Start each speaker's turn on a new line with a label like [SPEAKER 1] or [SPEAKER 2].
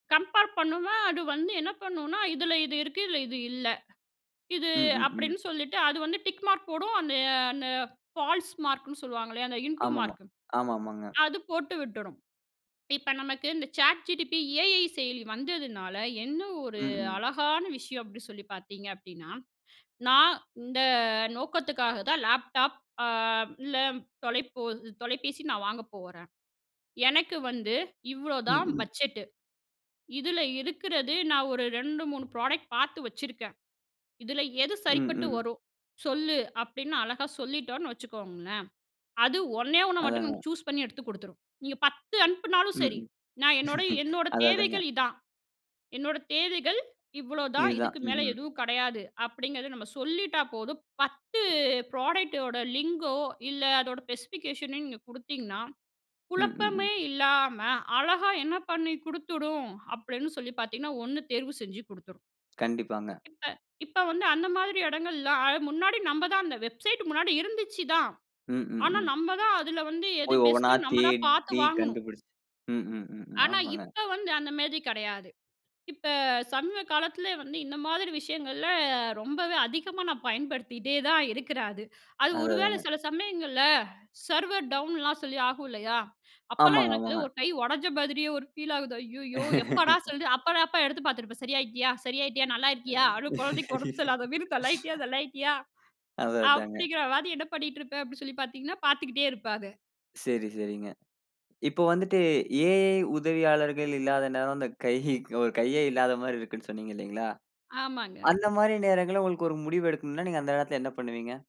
[SPEAKER 1] Compare பண்ணோன்னா அது வந்து என்ன பண்ணுனா "இதுல இது இருக்கு, இதுல இது இல்ல இது"
[SPEAKER 2] ம், ம், ம்.
[SPEAKER 1] அப்டின்னு சொல்லிட்டு அது வந்து டிக் மார்க் போடும். அந்த அந்த ஃபால்ஸ் மார்க்ன்னு சொல்லுவாங்களே, அந்த இன்டு
[SPEAKER 2] ஆமாமா,
[SPEAKER 1] மார்க்
[SPEAKER 2] ஆமாமாங்க.
[SPEAKER 1] அது போட்டு விட்டுடும். இப்ப நமக்கு இந்த சேட் ஜிடிபி ஏஐ செயலி வந்ததுனால என்ன ஒரு
[SPEAKER 2] ம், ம்.
[SPEAKER 1] அழகான விஷயம் அப்டி சொல்லிப் பாத்தீங்க அப்டின்னா, "நான் இந்த நோக்கத்துக்காகதான் லேப்டாப் அ இல்ல தொலைபோ தொலைபேசி நான் வாங்கப் போறேன். எனக்கு வந்து
[SPEAKER 2] ம்,
[SPEAKER 1] இவ்வளவுதான்
[SPEAKER 2] ம்.
[SPEAKER 1] பட்ஜெட்டு. இதுல இருக்கிறது நான் ஒரு 2, 3 ப்ரோடக்ட் பார்த்து வச்சிருக்கேன். இதுல எது
[SPEAKER 2] ம்,
[SPEAKER 1] சரிப்பட்டு
[SPEAKER 2] ம்.
[SPEAKER 1] வரும்? சொல்லு." அப்டின்னு அழகா சொல்லிட்டோனு வச்சுக்கோங்களேன், அது ஒண்ணே 1 மட்டும் நீங்க
[SPEAKER 2] அதாங்க.
[SPEAKER 1] சூஸ் பண்ணி எடுத்துக் கொடுத்துரும். நீங்கப் 10 அனுப்புனாலும்
[SPEAKER 2] ம்,
[SPEAKER 1] சரி,
[SPEAKER 2] ம்.
[SPEAKER 1] "நான் என்னோட, என்னோட
[SPEAKER 2] அத அதாங்க.
[SPEAKER 1] தேவைகள் இதான். என்னோட தேவைகள் இவ்வளவுதான்.
[SPEAKER 2] இதுதான்.
[SPEAKER 1] இதுக்கு
[SPEAKER 2] ம்,
[SPEAKER 1] மேல
[SPEAKER 2] ம்.
[SPEAKER 1] எதுவும் கடையாது." அப்டிங்கிறத நம்ம சொல்லிட்டா போதும். 10 ப்ராடக்ட்டோ லிங்கோ இல்ல அதோட ஸ்பெசிபிகேஷன் நீங்கக் குடுத்தீங்கன்னா,
[SPEAKER 2] ம், ம்,
[SPEAKER 1] குழப்பமே
[SPEAKER 2] ம்.
[SPEAKER 1] இல்லாம அழகா என்ன பண்ணி கொடுத்துடும் அப்படின்னு சொல்லிப் பாத்தீங்கன்னா, 1 தேர்வு செஞ்சு குடுத்துரும்.
[SPEAKER 2] கண்டிப்பாங்க.
[SPEAKER 1] இப்ப, இப்ப வந்து அந்த மாதிரி எடங்கள்ல அ முன்னாடி நம்மதான் அந்த வெப்சைட் முன்னாடி இருந்துச்சுதான்,
[SPEAKER 2] ம், ம்,
[SPEAKER 1] ஆனா
[SPEAKER 2] ம்.
[SPEAKER 1] நம்மதான் அதுல வந்து எது
[SPEAKER 2] போய்
[SPEAKER 1] பெஸ்ட்
[SPEAKER 2] ஒவ்வொண்ணா
[SPEAKER 1] ன்னு நம்மதான் பார்த்து
[SPEAKER 2] தேடி
[SPEAKER 1] வாங்கணும்.
[SPEAKER 2] கண்டுபிடிச்சு, ம், ம், ம்,
[SPEAKER 1] ஆனா,
[SPEAKER 2] ஆமாங்க.
[SPEAKER 1] இப்ப வந்து அந்த மாரி கெடையாது. இப்ப சமீப காலத்துல வந்து இந்த மாதிரி விஷயங்கள்ல ரொம்பவே அதிகமா நான் பயன்படுத்திட்டேதான் இருக்கிறேன் அது. அது
[SPEAKER 2] அத
[SPEAKER 1] ஒருவேள
[SPEAKER 2] அதாங்க.
[SPEAKER 1] சில சமயங்கள்ல சர்வர் டவுன்லாம் சொல்லி ஆகும் இல்லையா? அப்பல்லாம்
[SPEAKER 2] ஆமாங்க,
[SPEAKER 1] எனக்கு
[SPEAKER 2] ஆமாங்க.
[SPEAKER 1] ஒரு கை ஒடைஞ்ச மாதிரியே ஒரு பீல் ஆகுது. ஐயையோ! எப்படா சொல்லு அப்பதான் அப்ப எடுத்துப் பாத்துருப்பேன். "சரியாயிட்டியா? சரியாயிட்டியா? நல்லா இருக்கியா? அதுவும் கொழந்தைக்கு உடம்பு சரியில்லாத மாரி தள்ளாயிட்டியா, தள்ளாயிட்டியா"
[SPEAKER 2] அத அதாங்க.
[SPEAKER 1] அப்டிங்கிற மாதிரி என்ன பண்ணிட்டுருப்பேன், அப்டின்னு சொல்லிப் பாத்தீங்கன்னா, பார்த்துக்கிட்டே இருப்பேன் அத.
[SPEAKER 2] சரி, சரிங்க. இப்ப வந்துட்டு ஏ ஐ உதவியாளர்கள் இல்லாத நேரம் அந்தக் கையு ஒரு கையே இல்லாத மாரி இருக்குன்னு சொன்னீங்க இல்லீங்களா,
[SPEAKER 1] ஆமாங்க.
[SPEAKER 2] அந்த மாரி நேரங்கள்ல உங்களுக்கு ஒரு முடிவு எடுக்கணும்னா நீங்க அந்த நேத்துல என்ன பண்ணுவீங்க?